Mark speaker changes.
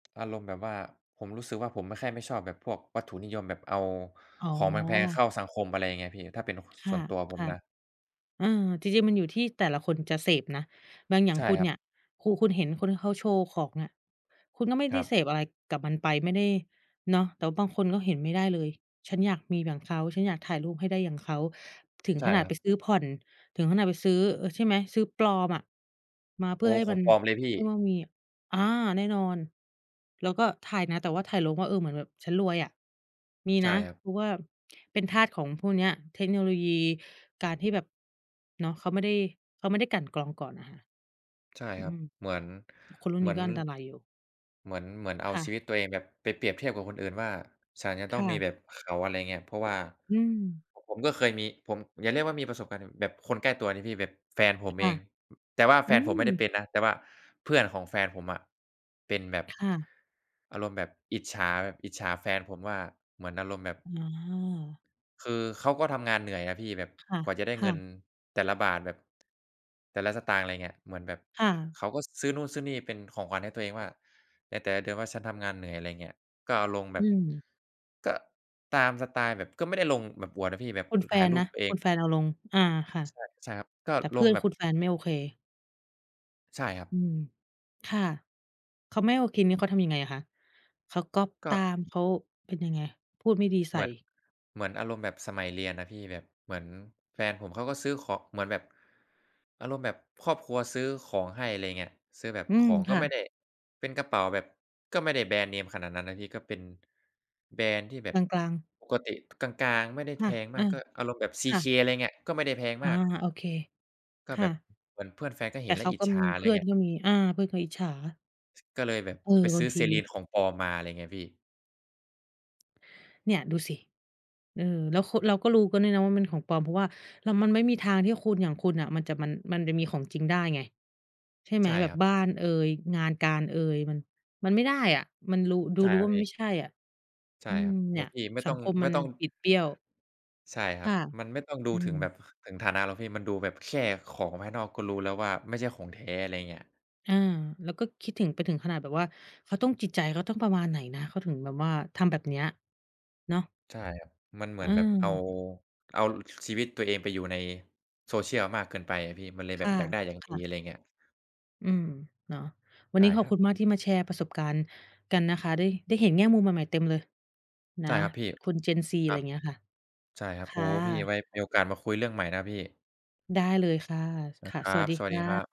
Speaker 1: อารมณ์แบบว่า ผมรู้สึกว่า ผมไม่ แค่ไม่ชอบแบบพวกวัตถุนิยม แบบเอา
Speaker 2: อ๋อ
Speaker 1: ของแพง ๆ เข้าสังคม อะไรเงี้ยพี่ ถ้าเป็น ค
Speaker 2: ค
Speaker 1: ส
Speaker 2: ่
Speaker 1: ่
Speaker 2: ะ
Speaker 1: วนตัวผ
Speaker 2: ค
Speaker 1: ม
Speaker 2: ่ะ
Speaker 1: นะ
Speaker 2: เออ จริง ๆ มันอยู่ที่แต่ละคนจะเสพนะ บางอย่า
Speaker 1: ใ
Speaker 2: ง
Speaker 1: ช่
Speaker 2: คุณ
Speaker 1: ครั
Speaker 2: เนี
Speaker 1: บ
Speaker 2: ่ย คุณ คุณเห็นคนที่เขาโชว์ของเนี่ย คุณก็ไม่
Speaker 1: ค
Speaker 2: ได
Speaker 1: ร
Speaker 2: ้
Speaker 1: ั
Speaker 2: เ
Speaker 1: บ
Speaker 2: สพอะไรกับมันไป ไม่ได้ เนาะ แต่ว่าบางคนก็เห็นไม่ได้เลย ฉันอยากมีอย่างเขา ฉันอยากถ่ายรูปให้ได้อย่างเขา ถึง
Speaker 1: ใช่
Speaker 2: ขนาด
Speaker 1: คร
Speaker 2: ไ
Speaker 1: ั
Speaker 2: ป
Speaker 1: บ
Speaker 2: ซื้อผ่อน ถึงขนาดไปซื้อ เออ ใช่ไหม ซื้อปลอมอะ มาเพ
Speaker 1: โ
Speaker 2: ื
Speaker 1: อ
Speaker 2: ่
Speaker 1: ้
Speaker 2: อให้
Speaker 1: ข
Speaker 2: ม
Speaker 1: อ
Speaker 2: ั
Speaker 1: ง
Speaker 2: น
Speaker 1: ปลอมเลยพี
Speaker 2: เช
Speaker 1: ่
Speaker 2: ื่อว่ามี อา แน่นอน แล้วก็ถ่ายนะ แต่ว่าถ่ายลงว่า เออ เหมือนแบบฉันรวยอะ มี
Speaker 1: ใช
Speaker 2: น
Speaker 1: ่
Speaker 2: ะ
Speaker 1: ครับ
Speaker 2: เพราะว่าเป็นทาสของพวกนี้ เทคโนโลยีการที่แบบ เนาะ เขาไม่ได้ เขาไม่ได้กลั่นกรองก่อนน่ะค่ะ
Speaker 1: ใช่
Speaker 2: อ
Speaker 1: ครั
Speaker 2: ื
Speaker 1: บ
Speaker 2: ม
Speaker 1: เหมือน
Speaker 2: คนรุ่
Speaker 1: เ
Speaker 2: น
Speaker 1: หม
Speaker 2: น
Speaker 1: ื
Speaker 2: ี
Speaker 1: อ
Speaker 2: ้
Speaker 1: น
Speaker 2: ก็อันตรายอยู่
Speaker 1: เหมือน เหมือนเอ
Speaker 2: ค
Speaker 1: า
Speaker 2: ่
Speaker 1: ชี
Speaker 2: ะ
Speaker 1: วิตตัวเองแบบไปเปรียบเทียบกับคนอื่นว่า "ฉันจะ
Speaker 2: ค
Speaker 1: ต้อ
Speaker 2: ่
Speaker 1: งมี
Speaker 2: ะ
Speaker 1: แบบเขา" อะไรอย่างเงี้ย เพราะว่า
Speaker 2: อืม
Speaker 1: ผม ผมก็เคยมี ผม อย่าเรียกว่ามีประสบการณ์ดีกว่า แบบคนใกล้ตัวนะพี่ แบบแฟนผ
Speaker 2: ค
Speaker 1: มเ
Speaker 2: ่
Speaker 1: อ
Speaker 2: ะ
Speaker 1: ง แต่ว่า
Speaker 2: อ
Speaker 1: แ
Speaker 2: ื
Speaker 1: ฟนผมไม่ได้เ
Speaker 2: ม
Speaker 1: ป็นนะ แต่ว่าเพื่อนของแฟนผมอะ เป็นแบบ
Speaker 2: ค่ะ
Speaker 1: อารมณ์แบบอิจฉาแบบ อิจฉาแฟนผมว่า เหมือนอารมณ์แบบ
Speaker 2: อา
Speaker 1: คือเขาก็ทำงานเหนื่อยนะพี่แบบ
Speaker 2: ค่ะ
Speaker 1: กว่าจะได้
Speaker 2: ค
Speaker 1: เ
Speaker 2: ่
Speaker 1: งิน
Speaker 2: ะ
Speaker 1: แต่ละบาท แบบ แต่ละสตางค์ อะไรอย่างเงี้ย เหมือนแบบ
Speaker 2: ค
Speaker 1: ข
Speaker 2: ่ะ
Speaker 1: เขาก็ซื้อนู่นซื้อนี่เป็นของขวัญให้ตัวเองว่า ในแต่ละเดือนว่าฉันทำงานเหนื่อย อะไรอย่างเงี้ย ก็เอาลงแบ
Speaker 2: อ
Speaker 1: บ
Speaker 2: ืม
Speaker 1: ก็ตามสไตล์แบบ ก็ไม่ได้ลงแบบอวดนะพี่แบบ
Speaker 2: คุ
Speaker 1: อ
Speaker 2: ณแฟ
Speaker 1: ถ่าย
Speaker 2: น
Speaker 1: รู
Speaker 2: น
Speaker 1: ป
Speaker 2: ะ
Speaker 1: ตัวเอ
Speaker 2: ค
Speaker 1: ง
Speaker 2: ุณแฟนเอาลง อา ค่ะ
Speaker 1: ใช่ ใช่ครับ ก็
Speaker 2: แต่เ
Speaker 1: ล
Speaker 2: พื่
Speaker 1: ง
Speaker 2: อน
Speaker 1: แบ
Speaker 2: ค
Speaker 1: บ
Speaker 2: ุณแฟนไม่โอเค
Speaker 1: ใช่ครับ
Speaker 2: อืม ค่ะ เขาไม่โอเคนี่ เขาทำยังไงอะคะ เขาก๊อบ
Speaker 1: ก
Speaker 2: ต
Speaker 1: ็
Speaker 2: าม เขาเป็นยังไง พูดไม่ดีใส
Speaker 1: เหมื
Speaker 2: ่?
Speaker 1: อน เหมือนอารมณ์แบบสมัยเรียนอะพี่ แบบเหมือนแฟนผมเขาก็ซื้อของ เหมือนแบบ อารมณ์แบบครอบครัวซื้อของให้ อะไรเงี้ย ซื้อแบบ
Speaker 2: อื
Speaker 1: ข
Speaker 2: ม
Speaker 1: อง
Speaker 2: ค
Speaker 1: ก็
Speaker 2: ่
Speaker 1: ไม่
Speaker 2: ะ
Speaker 1: ได้ เป็นกระเป๋าแบบ ก็ไม่ได้แบรนด์เนมขนาดนั้นนะพี่ ก็เป็น แบรนด์ที่แบบ
Speaker 2: กลาง ๆ
Speaker 1: ปกติ ท กลาง ๆ ไม่ได้
Speaker 2: ค่
Speaker 1: แพ
Speaker 2: ะ
Speaker 1: ง
Speaker 2: เ
Speaker 1: ม
Speaker 2: อ
Speaker 1: า
Speaker 2: อ
Speaker 1: ก ก็อารมณ์แบบ
Speaker 2: ค่
Speaker 1: CK
Speaker 2: ะ
Speaker 1: อะไรเงี้ย ก็ไม่ได้แพง
Speaker 2: อ
Speaker 1: ม
Speaker 2: า
Speaker 1: าก
Speaker 2: โอเค
Speaker 1: ก็
Speaker 2: ค
Speaker 1: แ
Speaker 2: ่
Speaker 1: บบ
Speaker 2: ะ
Speaker 1: เหมือนเพื่อนแฟนก็
Speaker 2: แ
Speaker 1: เ
Speaker 2: ต
Speaker 1: ห็
Speaker 2: ่
Speaker 1: นแล
Speaker 2: เข
Speaker 1: ้ว
Speaker 2: า
Speaker 1: อิ
Speaker 2: ก
Speaker 1: จ
Speaker 2: ็
Speaker 1: ฉา
Speaker 2: มี
Speaker 1: อะ
Speaker 2: เ
Speaker 1: ไ
Speaker 2: พ
Speaker 1: ร
Speaker 2: ื่อ
Speaker 1: เ
Speaker 2: น
Speaker 1: งี้ย
Speaker 2: ก็มี อา เพื่อนคงอิจฉา
Speaker 1: ก็เลยแบบ
Speaker 2: เออ
Speaker 1: ไป
Speaker 2: บ
Speaker 1: ซ
Speaker 2: า
Speaker 1: ื
Speaker 2: ง
Speaker 1: ้อ
Speaker 2: ที
Speaker 1: Celine ของปลอมมา อะไรเงี้ยพี่
Speaker 2: เนี่ยดูสิ เออ แล้ว ค เราก็รู้กันด้วยนะว่ามันของปลอม เพราะว่า แล้วมันไม่มีทางที่คนอย่างคุณน่ะ มันจะ มัน มันจะมีของจริงได้ไง ใช่ไหม
Speaker 1: ใช่
Speaker 2: แบ
Speaker 1: ค
Speaker 2: บ
Speaker 1: รับ
Speaker 2: บ้านเอย งานการเอย มัน มันไม่ได้อะ มันรู ดู
Speaker 1: ใช่
Speaker 2: รู้
Speaker 1: ครั
Speaker 2: ว่
Speaker 1: บ
Speaker 2: า
Speaker 1: พ
Speaker 2: มั
Speaker 1: ี่
Speaker 2: นไม่ใช่อะ
Speaker 1: ใช
Speaker 2: อ
Speaker 1: ่
Speaker 2: ื
Speaker 1: คร
Speaker 2: ม
Speaker 1: ับ โอ
Speaker 2: เ
Speaker 1: ้
Speaker 2: นี
Speaker 1: โฮ
Speaker 2: ่ย
Speaker 1: พี่ไม่
Speaker 2: สั
Speaker 1: ต้อ
Speaker 2: ง
Speaker 1: ง
Speaker 2: คม
Speaker 1: ไ
Speaker 2: ม
Speaker 1: ม
Speaker 2: ั
Speaker 1: ่
Speaker 2: น
Speaker 1: ต้อง
Speaker 2: บิดเบี้ยว
Speaker 1: ใช่
Speaker 2: ค
Speaker 1: ครับ
Speaker 2: ่ะ
Speaker 1: มันไม่ต้องดู
Speaker 2: อื
Speaker 1: ถึงแบ
Speaker 2: ม
Speaker 1: บ ค ถึงฐานะหรอกพี่ มันดูแบบแค่ของภายนอก ก็รู้แล้วว่าไม่ใช่ของแท้ อะไรอย่างเงี้ย
Speaker 2: อา แล้วก็คิดถึงไปถึงขนาดแบบว่า เขาต้องจิตใจเขาต้องประมาณไหนนะเขาถึงแบบว่าทำแบบเนี้ย เนาะ
Speaker 1: ใช่ครับ มันเหม
Speaker 2: อ
Speaker 1: ื
Speaker 2: ื
Speaker 1: อนแบบเอา
Speaker 2: ม
Speaker 1: เอา ล ชีวิตตัวเองไปอยู่ใน social มากเกินไปอะพี่ มันเลยแ
Speaker 2: ค
Speaker 1: บ
Speaker 2: ่
Speaker 1: บ
Speaker 2: ะ
Speaker 1: อยากได้อย่าง
Speaker 2: ค
Speaker 1: ดี
Speaker 2: ่ะ
Speaker 1: อะไรอย่างเงี้ย
Speaker 2: อืม เนาะ วั
Speaker 1: ใ
Speaker 2: น
Speaker 1: ช
Speaker 2: น
Speaker 1: ่
Speaker 2: ี้ขอ
Speaker 1: ค
Speaker 2: บ
Speaker 1: รั
Speaker 2: ค
Speaker 1: บ
Speaker 2: ุณมากที่มาแชร์ประสบการณ์กันนะคะ ได้ ได้เห็นแง่มุมใหม่ ๆ เต็มเลย น
Speaker 1: ใ
Speaker 2: ะ
Speaker 1: ช่ครับพี่
Speaker 2: คน Gen Z
Speaker 1: ค
Speaker 2: อะไ
Speaker 1: รั
Speaker 2: รอ
Speaker 1: บ
Speaker 2: ย่างเงี้ยค่ะ
Speaker 1: ใช่ครั
Speaker 2: ค
Speaker 1: บ โอ้
Speaker 2: ่
Speaker 1: โฮ พี่ไ
Speaker 2: ะ
Speaker 1: ว้มีโอกาสมาคุยเรื่องใหม่นะครับพี่
Speaker 2: ได้เลยค่ะ ค
Speaker 1: นะ
Speaker 2: ่ะ
Speaker 1: ครั
Speaker 2: สวัส
Speaker 1: บ
Speaker 2: ดี
Speaker 1: สวั
Speaker 2: ค
Speaker 1: สด
Speaker 2: ่
Speaker 1: ีครั
Speaker 2: ะ
Speaker 1: บ